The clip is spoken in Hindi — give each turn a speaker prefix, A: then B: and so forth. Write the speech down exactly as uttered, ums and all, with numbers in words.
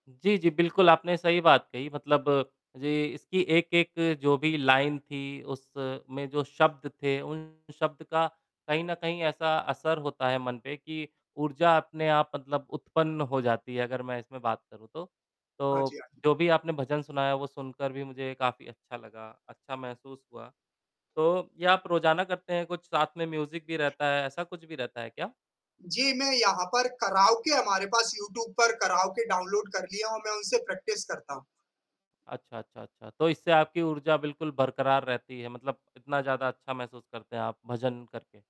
A: जी, जी, बिल्कुल, आपने सही बात कही, मतलब जो इसकी एक एक जो भी लाइन थी, उस में जो शब्द थे, उन शब्द का कहीं न कहीं ऐसा असर होता है मन पे कि ऊर्जा अपने आप मतलब उत्पन्न हो जाती है अगर मैं इसमें बात करूँ तो।
B: हाँ जी,
A: तो,
B: हाँ।
A: जो भी आपने भजन सुनाया वो सुनकर भी मुझे काफ़ी अच्छा लगा, अच्छा महसूस हुआ, तो ये आप रोज़ाना करते हैं कुछ साथ में म्यूज़िक भी रहता है, ऐसा कुछ भी रहता है क्या?
B: जी, मैं यहाँ पर कराओके हमारे पास यूट्यूब पर कराओके डाउनलोड कर लिया हूँ, मैं उनसे प्रैक्टिस करता हूँ।
A: अच्छा, अच्छा, अच्छा, तो इससे आपकी ऊर्जा बिल्कुल बरकरार रहती है, मतलब कितना ज़्यादा अच्छा महसूस करते हैं आप, भजन करके?